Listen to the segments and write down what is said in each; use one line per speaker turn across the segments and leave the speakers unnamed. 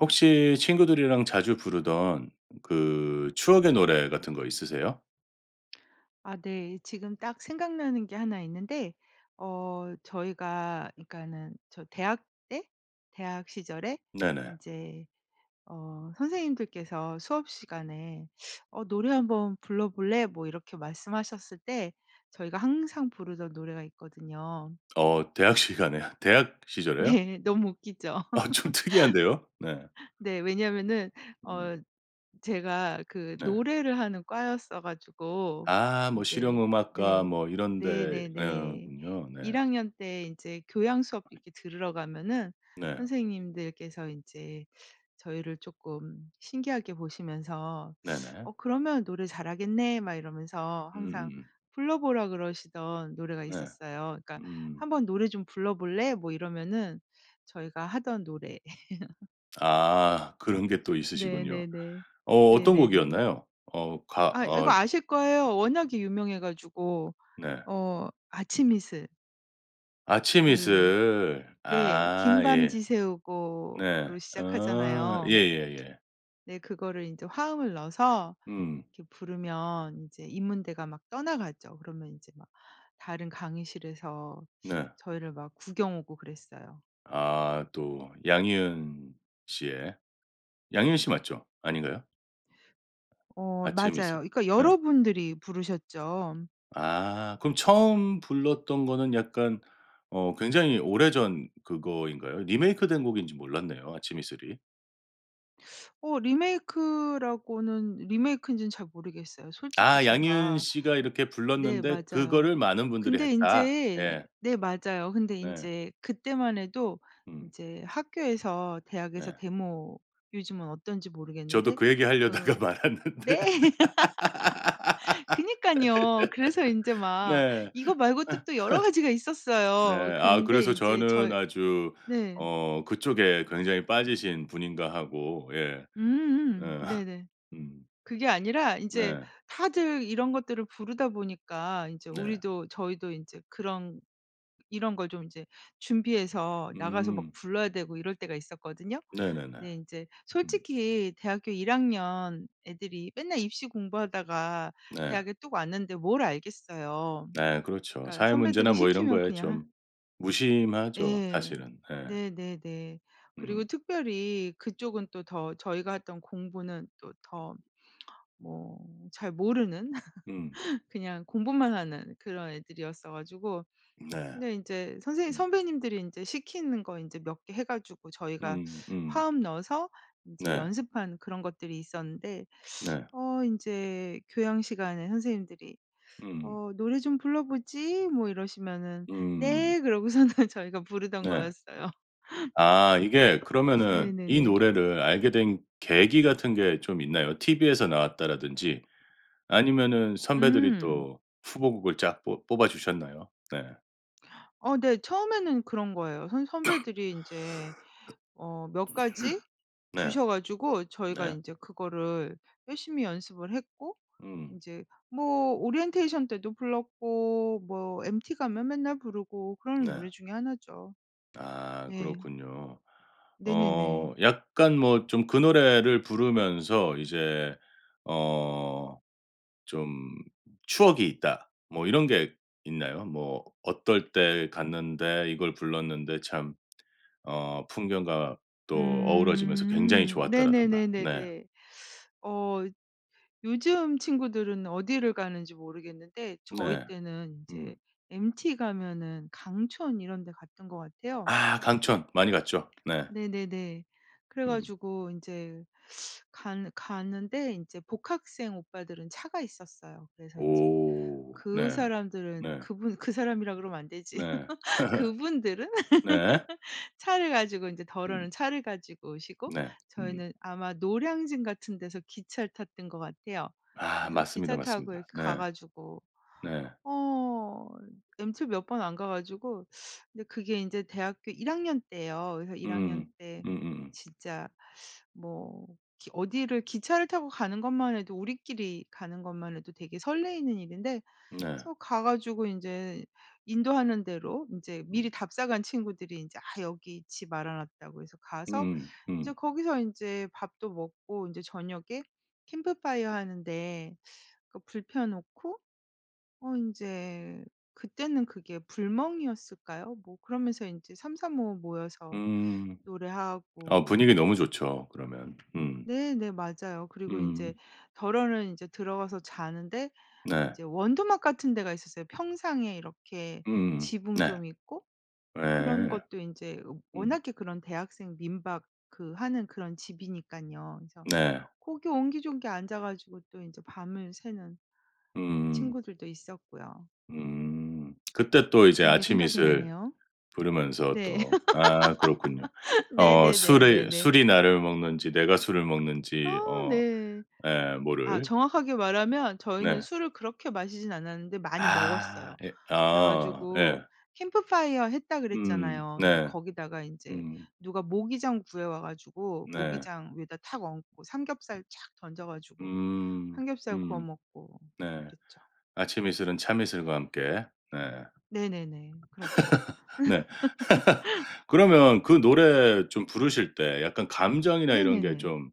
혹시 친구들이랑 자주 부르던 그 추억의 노래 같은 거 있으세요?
아 네. 지금 딱 생각나는 게 1 있는데. 어 저희가 그러니까는 저 대학 때 대학 시절에
네네.
인제 어 선생님들께서 수업 시간에 어 "노래 한번 불러 볼래?" 뭐 이렇게 말씀하셨을 때 저희가 항상 부르던 노래가 있거든요.
어 대학 시간에 대학 시절에요?
네. 너무 웃기죠.
아. 좀 특이한데요. 네.
네. 왜냐하면은
음.
어 제가 그
네.
노래를 하는 과였어 가지고
아 뭐
인제
실용 음악과
네.
뭐 이런 데 어
네네네.
군요. 네.
1 학년 때 인제 교양 수업 이렇게 들으러 가면은
네.
선생님들께서 인제 저희를 쪼끔 신기하게 보시면서 "어
네네.
그러면 노래 잘하겠네?" 막 이러면서 항상
음음음.
불러 보라 그러시던 노래가
네.
있었어요. 그러니까
음.
"한번 노래 좀 불러볼래?" 뭐 이러면은 저희가 하던 노래.
아. 그런 게 또 있으시군요.
네네네.
어 어떤
네네네.
곡이었나요? 어 가
아 이 이거
어
아실 거예요. 워낙에 유명해 가지고.
네.
어 아침 이슬.
아침
그
이슬.
네.
아
"긴 밤
예. 네.
지새우고."로
아.
시작하잖아요.
예예예.
네 그거를 인제 화음을 넣어서
음.
이렇게 부르면 인제 인문대가 막 떠나가죠. 그러면 인제 막 다른 강의실에서
네.
저희를 막 구경 오고 그랬어요.
아. 또 양희은 씨의. 양희은 씨 맞죠? 아닌가요?
어 맞아요.
아침이슬.
그러니까
예.
여러 분들이 부르셨죠.
아 그럼 처음 불렀던 거는 약간 어 굉장히 오래전 그거인가요? 리메이크된 곡인지 몰랐네요 아침 이슬이.
어 리메이크라고는 리메이크인지는 잘 모르겠어요. 솔직히
아. 양희은
제가
씨가 이렇게
네.
불렀는데
맞아요.
그거를 많은 분들이
근데
했다.
인제
예.
네 맞아요. 근데
네.
인제 그때만 해도
음.
이제 학교에서 대학에서
네.
데모 요즘은 어떤지
저도
모르겠는데.
그 얘기
그
하려다가 말았는데.
네 그니깐요. 그래서 인제 막
네.
이거 말고 또 또 여러 가지가
네.
있었어요.
아
그런데
그래서
이제
저는
저
아주
네.
어 그쪽에 굉장히 빠지신 분인가 하고. 예.
음음음.
음.
네네.
음.
그게 아니라 인제
네.
다들 이런 것들을 부르다 보니까 인제
네.
우리도 저희도 인제 그런 이런 걸 좀 인제 준비해서 나가서 막
음.
불러야 되고 이럴 때가 있었거든요.
네네네.
근데 인제
음.
솔직히 대학교 1 학년 애들이 맨날 입시 공부하다가
네.
대학에 뚝 왔는데 뭘 알겠어요.
네 그렇죠.
그러니까
사회
선배들이
문제나 뭐 이런
시키면
거에
그냥 하
좀 무심하죠
예.
사실은. 예.
네네네. 그리고
음.
특별히 그쪽은 또 더 저희가 했던 공부는 또 더 뭐 잘 모르는
음.
그냥 공부만 하는 그런 애들이었어 가지고
네.
근데 인제 선생님
음.
선배님들이 인제 시키는 거 인제 몇 개 해 가지고 저희가
음. 음.
화음 넣어서 인제
네.
연습한 그런 것들이 있었는데
네.
어 인제 교양 시간에 선생님들이
음.
"어 노래 좀 불러 보지?" 뭐 이러시면은
음.
"네." 그러고서는 저희가 부르던
네.
거였어요.
아 이게 그러면은 이
네네네.
노래를 알게 된 계기 같은 게 좀 있나요? TV에서 나왔다라든지. 아니면은 선배들이
음.
또 후보곡을 쫙 뽀 뽑아 주셨나요? 네.
어 네. 처음에는 그런 거예요. 선 선배들이 인제 어 몇 가지
네.
주셔 가지고 저희가
네.
인제 그거를 열심히 연습을 했고
음.
인제 뭐 오리엔테이션 때도 불렀고 뭐 MT 가면 맨날 부르고 그러는
네.
노래 중에 1 죠.
아,
네.
그렇군요. 어
네네네.
약간 뭐 좀 그 노래를 부르면서 이제 어 좀 추억이 있다, 뭐 이런 게 있나요? 뭐 어떨 때 갔는데 이걸 불렀는데 참 어 풍경과 또 어우러지면서 굉장히
음.
좋았다라든가. 네.
네네네네네. 어 요즘 친구들은 어디를 가는지 모르겠는데 저희
네.
때는 인제
음.
MT 가면은 강촌 이런 데 갔던 것 같아요.
아 강촌. 많이 갔죠. 네.
네네네.
음.
그래가지고 인제 간 갔는데 이제 복학생 오빠들은 차가 있었어요. 그래서 인제
오
그
네.
사람들은
네.
그분 그 사람이라 그러면 안 되지.
네.
그분들은?
네.
차를 가지고, 이제
음.
더러는 차를 가지고 오시고
네. 음.
저희는 아마 노량진 같은 데서 기차를 탔던 것 같아요.
아
그래서
맞습니다,
기차 타고
맞습니다.
이렇게 가
네.
가지고
네.
어 MT 몇 번 안 가 가지고 근데 그게 이제 대학교 1 학년 때예요. 그래서 1 학년
음
때
음음음.
진짜 뭐 기 어디를 기차를 타고 가는 것만 해도 우리끼리 가는 것만 해도 되게 설레는 일인데
네.
그래서 가 가지고 인제 인도하는 대로 인제
음.
미리 답사 간 친구들이 인제 "아 여기 집 알아 놨다."고 해서 가서
음음
이제
음.
거기서 인제 밥도 먹고 인제 저녁에 캠프파이어 하는데 그 불 피워 놓고, 어 인제 그때는 그게 불멍이었을까요? 뭐 그러면서 인제 삼삼오오 모여서
음. 어 분위기
노래하고...
너무 좋죠 그러면. 음.
네 네. 맞아요. 그리고 인제
음.
더러는 인제 들어가서 자는데
네.
인제 원두막 같은 데가 있었어요. 평상에 이렇게
음음음
지붕
네.
좀 있고? 그런
예.
것도 인제
음.
워낙에 그런 대학생 민박 그 하는 그런 집이니깐요. 그래서
네.
고기 옹기종기 앉아 가지고 또 인제 밤을 새는
으음.
친구들도 있었고요.
음 그때 또 이제
그런 게
아침
생각이
이슬
나네요.
부르면서
네.
또 아 그렇군요. 어 술이
네네네네네.
술이 나를 먹는지, 내가 술을 먹는지
아
어
네.
예
아
모를.
정확하게 말하면 저희는
네.
술을 그렇게 마시진 않았는데 많이
아
먹었어요.
예 어
그래가지고
예.
캠프파이어 했다
음
그랬잖아요. 근데
네.
거기다가 인제
음.
누가 모기장 구해 와 가지고
네.
모기장 위에다 탁 얹고 삼겹살 착 던져 가지고
음
삼겹살 구워
음.
먹고
네.
그랬죠.
아침 이슬은 참이슬과 함께. 네.
네네네. 그렇죠.
네. 그러면 그 노래 좀 부르실 때 약간 감정이나 이런 게
네네네.
좀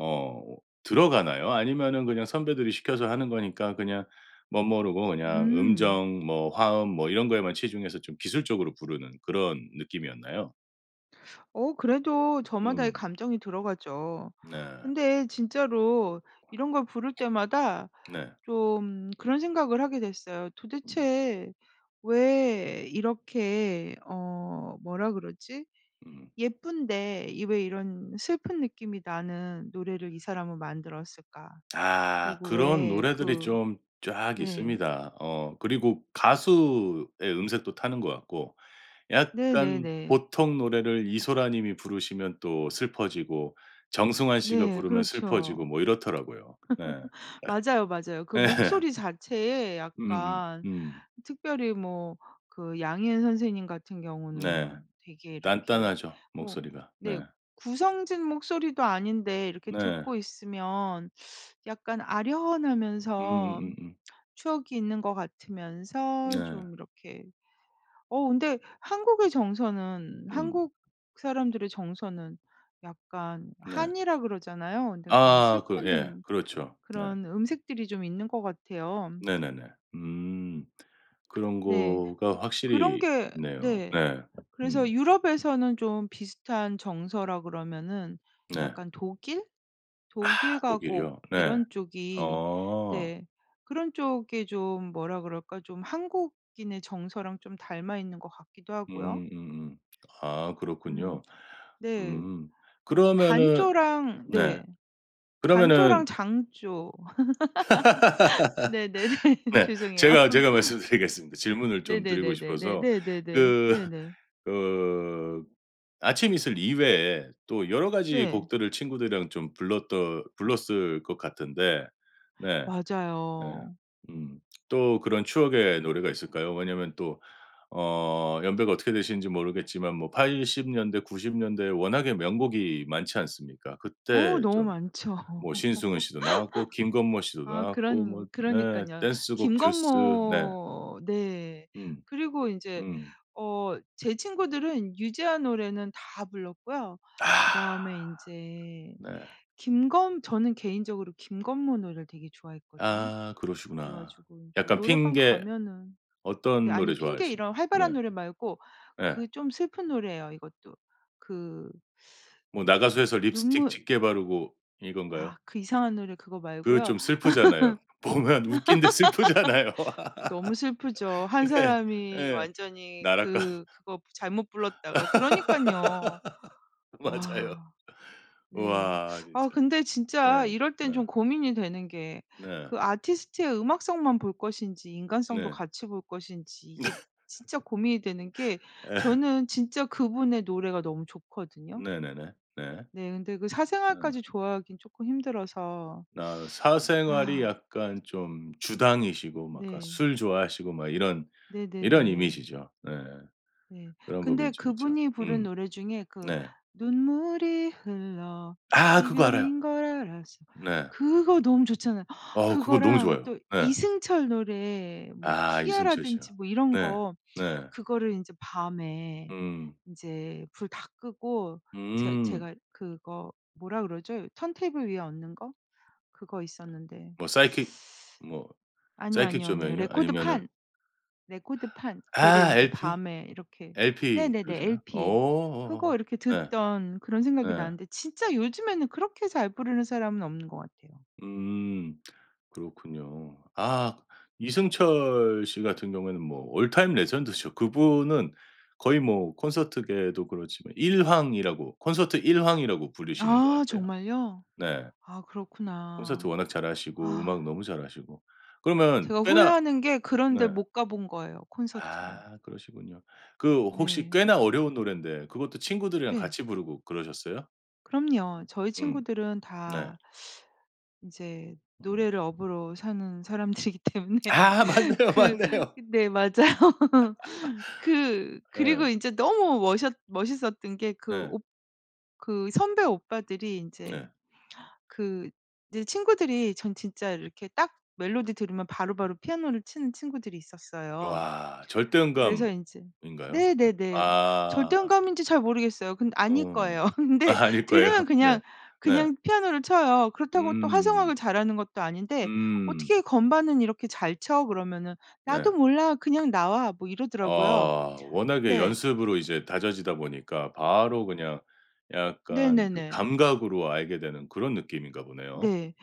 어 들어가나요? 아니면은 그냥 선배들이 시켜서 하는 거니까 그냥 멋모르고 그냥
음.
음정 뭐 화음 뭐 이런 거에만 치중해서 좀 기술적으로 부르는 그런 느낌이었나요?
어 그래도 저마다의
음.
감정이 들어가죠.
네.
근데 진짜로 이런 걸 부를 때마다
네.
좀 그런 생각을 하게 됐어요.
음.
'도대체 왜 이렇게' 어 뭐라 그러지?
음.
'예쁜데 이 왜 이런 슬픈 느낌이 나는 노래를 이 사람은 만들었을까.'
아
그리고
그런
왜
노래들이
그
좀 쫙
네.
있습니다. 어 그리고 가수의 음색도 타는 것 같고. 약간
네네네.
보통 노래를 이소라 님이 부르시면 또 슬퍼지고 정승환 씨가
네.
부르면 슬퍼지고
그렇죠.
뭐 이렇더라고요. 네.
맞아요, 맞아요. 그
예.
목소리 자체에
음음.
약간
음.
특별히 뭐 그 양희은 선생님 같은
네.
경우는 되게 이렇게
딴딴하죠,
뭐
목소리가. 네.
네. 구성진 목소리도 아닌데 이렇게
네.
듣고 있으면 약간 아련하면서
으음으으.
추억이 있는 것 같으면서
네.
좀 이렇게 어 근데 한국의 정서는
음.
한국 사람들의 정서는 약간
네.
한이라 그러잖아요. 근데 그런
아 그 예.
슬픈
그렇죠. 네.
그런 음색들이 좀 있는 것 같아요.
네네네. 음. 그런
네. 음
거가
그런
확실히
게
있네요.
네.
네.
그래서
음.
유럽에서는 좀 비슷한 정서라 그러면은
네.
약간 독일?
아
독일 가곡
독일이요? 네.
이런 쪽이
어.
네. 그런 쪽이 좀 뭐라 그럴까 좀 한국인의 정서랑 좀 닮아 있는 것 같기도 하고요.
음 음음. 아
음.
그렇군요.
네.
음.
어
그러면은
단조랑
네.
네. 단조랑
그러면은
장조 네네네.
네.
죄송해요.
제가 제가 말씀드리겠습니다, 질문을 좀 드리고
네네네네네.
싶어서.
네네네.
그,
네네.
그 아침 이슬 이외에 또 여러 가지
네.
곡들을 친구들이랑 좀 불렀던 불렀을 것 같은데. 네. 예.
맞아요.
음 또 그런 추억의 노래가 있을까요? 왜냐하면 또 어 연배가 어떻게 되시는지 모르겠지만 뭐 80 년대, 90 년대 워낙에 명곡이 많지 않습니까?
어
그때
너무
좀
많죠.
뭐 신승훈 씨도 나왔고 김건모 씨도
아
나왔고 뭐
그런
네
그러니깐요.
댄스곡 듀스 네.
김건모 네.
음.
그리고 인제
음.
어 제 친구들은 유재하 노래는 다 불렀고요.
아
그다음에 인제
네.
김건 저는 개인적으로 김건모 노래를 되게 좋아했거든요.
아
그래
그러시구나.
가지고 인제
약간
노래방
핑계
가면은 네.
어떤 노래
아니 핑계
좋아하시
이런
네.
활발한 노래 말고
예.
그 좀 슬픈 노래예요, 이것도. 그
뭐 나가수에서 립스틱
눈물
짙게 바르고 이건가요?
아 그 이상한 노래 그거
그
말고요.
좀 슬프잖아요. 보면 웃긴데 슬프잖아요.
너무 슬프죠. 1
네.
사람이
예.
완전히
나락가
그 그거 부 잘못 불렀다가 그러니깐요.
맞아요.
와. 네.
우와
아
진짜.
근데
네.
진짜 이럴
네.
땐 좀 고민이 되는 게
네.
그 아티스트의 음악성만 볼 것인지 인간성도
네.
같이 볼 것인지
네.
이게 진짜 고민이 되는 게
예.
저는 진짜 그분의 노래가 너무 좋거든요.
네네네. 네.
네. 근데 그 사생활까지
어.
좋아하긴 쪼끔 힘들어서.
아 사생활이
아.
약간 좀 주당이시고 막 그
네.
술 좋아하시고 막 이런, 이런
네네네.
이미지죠. 네.
네.
그런
근데
부분이 좀 있죠.
그분이 부른
음.
노래 중에 그
네.
눈물이 흘러
아 그거 알아요.
이별인 걸 알았어.
네.
그거 너무 좋잖아요.
어 그거 너무
그거랑
좋아요.
또
예.
이승철 노래 뭐
아 이승철 씨요.
희야라든지 뭐 이런
네.
거
네.
그거를 인제 밤에
음.
인제 불 다 끄고 제
음.
제가 그거 뭐라 그러죠? 턴테이블 위에 얹는 거? 그거 있었는데.
뭐 psychic 뭐
아니요,
psychic
아니요, 아니요.
조명이요? 아니면은
레코드판. 레코드판. 걔를
아
이제
LP?
밤에 이렇게
LP
네네네
들으시나?
LP.
어
그거 이렇게
네.
듣던 그런 생각이
네.
나는데 진짜 요즘에는 그렇게 잘 부르는 사람은 없는 것 같아요.
음 그렇군요. 아 이승철 씨 같은 경우에는 뭐 올 타임 레전드죠. 그분은 거의 뭐 콘서트계에도 그렇지만 1 황이라고 콘서트 1 황이라고 불리시는 것
아
같아요.
정말요?
네.
아
콘서트
그렇구나.
워낙 잘하시고 음악
아.
너무 잘하시고. 그러면
제가
꽤나
후회하는 게 그런 데
네.
못 가 본 거예요, 콘서트를.
아 그러시군요. 그 혹시
네.
꽤나 어려운 노래인데 그것도 친구들이랑
네.
같이 부르고 그러셨어요?
그럼요. 저희
음.
친구들은
네.
다 인제
음.
노래를 업으로 사는 사람들이기 때문에
아. 맞네요,
그
맞네요.
네. 맞아요. 그
예.
그리고 인제 너무 멋있 멋있었던 게 그
네.
옵 그 선배 오빠들이 인제
네.
그 이제 친구들이 전 진짜 이렇게 딱 멜로디 들으면 바로바로 피아노를 치는 친구들이 있었어요.
와. 절대
그래서 인제
음감인가요?
네네네. 뭐 절대
아.
음감인지 잘 모르겠어요. 근데 아닐
어.
거예요. 근데
아닐 거예요.
들으면
네.
그냥
네.
그냥 피아노를 쳐요. 그렇다고 또
음.
화성학을 잘하는 것도 아닌데
음.
"어떻게 건반은 이렇게 잘 쳐?" 그러면은
네.
"나도 몰라. 그냥 나와." 뭐 이러더라고요.
아. 워낙에
네.
연습으로 이제 다져지다 보니까 바로 그냥 약간 그
네네네.
감각으로 알게 되는 그런 느낌인가 보네요?
네.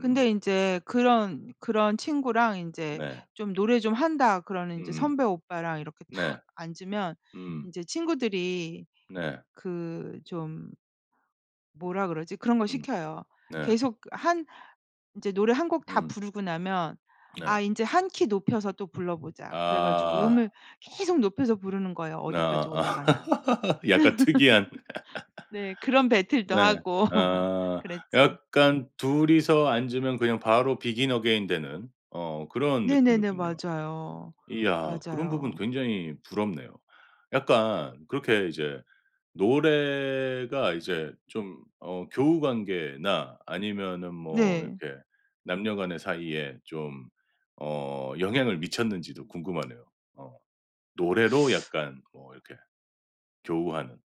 음.
인제 그런 그런 친구랑 인제
네.
좀 노래 좀 한다 그러는 인제
음음.
선배 오빠랑 이렇게 탁
네.
앉으면
음.
인제 친구들이
네.
그 좀 뭐라 그러지? 그런 거
음.
시켜요.
네.
계속 한 인제 노래 1 곡 다
음.
부르고 나면 아
네.
인제 1 키 높여서 또 불러보자. 그래 가지고
아.
음을 계속 높여서 부르는 거예요
나
어디까지
아
올라가나.
약간 특이한.
네. 그런 배틀도
네.
하고 막
아
그랬죠.
약간 2 이서 앉으면 그냥 바로 Begin Again되는 어 그런
네네네.
느낌이군요.
맞아요.
이야. 그런 부분
맞아요.
굉장히 부럽네요. 약간 그렇게 이제 노래가 이제 좀 어 교우 관계나 아니면은 뭐
네.
이렇게 남녀 간의 사이에 좀 어 영향을 미쳤는지도 궁금하네요. 어. 노래로 약간 뭐 이렇게 교우하는.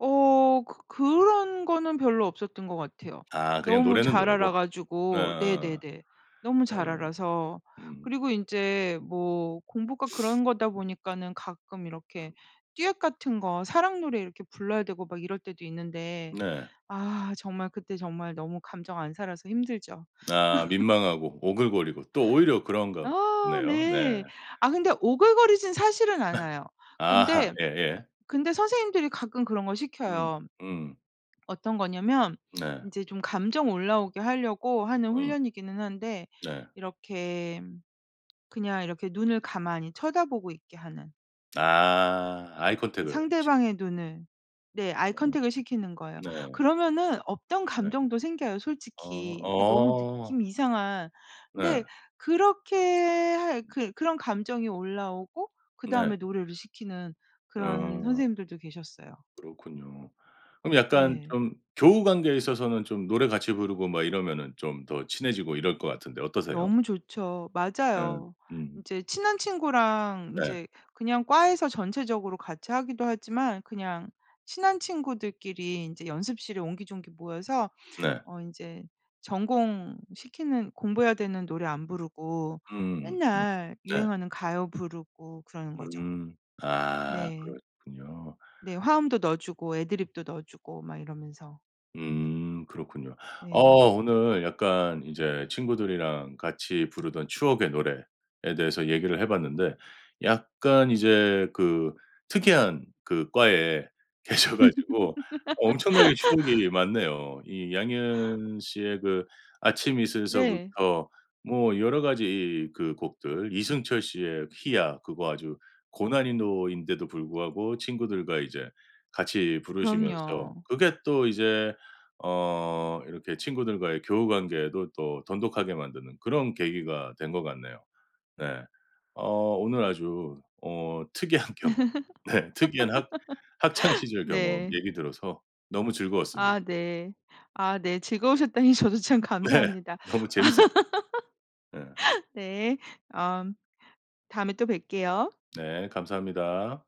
어 그 그런 거는 별로 없었던 것 같아요.
아 그냥
너무
노래는
잘
노래고.
알아가지고.
어어어.
네네네. 너무 잘
어.
알아서.
음.
그리고 인제 뭐 공부가 그런 거다 보니까는 가끔 이렇게 듀엣 같은 거 사랑 노래 이렇게 불러야 되고 막 이럴 때도 있는데
네.
아 정말 그때 정말 너무 감정 안 살아서 힘들죠.
아 민망하고 오글거리고 또 오히려 그런가
아
보네요. 네.
네. 아 근데 오글거리진 사실은 않아요.
아하.
근데,
예예.
근데 선생님들이 가끔 그런 걸
음
시켜요.
음.
어떤 거냐면
네.
인제 좀 감정 올라오게 하려고 하는
음.
훈련이기는 한데
네.
이렇게 그냥 이렇게 눈을 가만히 쳐다보고 있게 하는.
아 아이 컨택을 시
상대방의 눈을. 네 아이
어.
컨택을 시키는 거예요.
네.
그러면은 없던
네.
감정도 생겨요,
어
솔직히. 이게 너무
어.
느낌이 이상한 근데
네.
그렇게 할 그 그런 감정이 올라오고
네.
그다음에 노래를 시키는 그런
어.
선생님들도 계셨어요.
그렇군요. 그럼 약간
네.
좀 교우 관계에 있어서는 좀 노래 같이 부르고 뭐 이러면은 좀 더 친해지고 이럴 것 같은데 어떠세요?
너무 좋죠.
예.
맞아요.
음.
인제 친한 친구랑
네.
인제 그냥 과에서 전체적으로 같이 하기도 하지만 그냥 친한 친구들끼리 인제 연습실에 옹기종기 모여서
네.
어 인제 전공시키는 공부 해야 되는 노래 안 부르고
음. 음.
맨날
네.
유행하는 가요 부르고 그러는 거죠.
음. 아
네.
그렇군요.
네 화음도 넣어주고 애드리브도 넣어주고 막 이러면서.
음. 그렇군요. 어
네.
오늘 약간 이제 친구들이랑 같이 부르던 추억의 노래에 대해서 얘기를 해봤는데. 약간 이제 그 특이한 그 과에 계셔 가지고 엄청나게 추억이 많네요. 이 양희은 씨의 그 아침
네.
이슬서부터 뭐 여러 가지 그 곡들, 이승철 씨의 희야 그거 아주 고난이도인데도 불구하고 친구들과 이제 같이 부르시면서
그럼요.
그게 또 이제 어 이렇게 친구들과의 교우 관계도 또 돈독하게 만드는 그런 계기가 된 것 같네요. 네. 어 오늘 아주 어 특이한 경험. 네 특이한 학 학창 시절 경험
네.
얘기 들어서 너무 즐거웠습니다.
아 네. 아 네. 즐거우셨다니 저도 참
네.
감사합니다.
너무 재밌었어요. 네.
네. 엄 다음에 또 뵐게요.
네 감사합니다.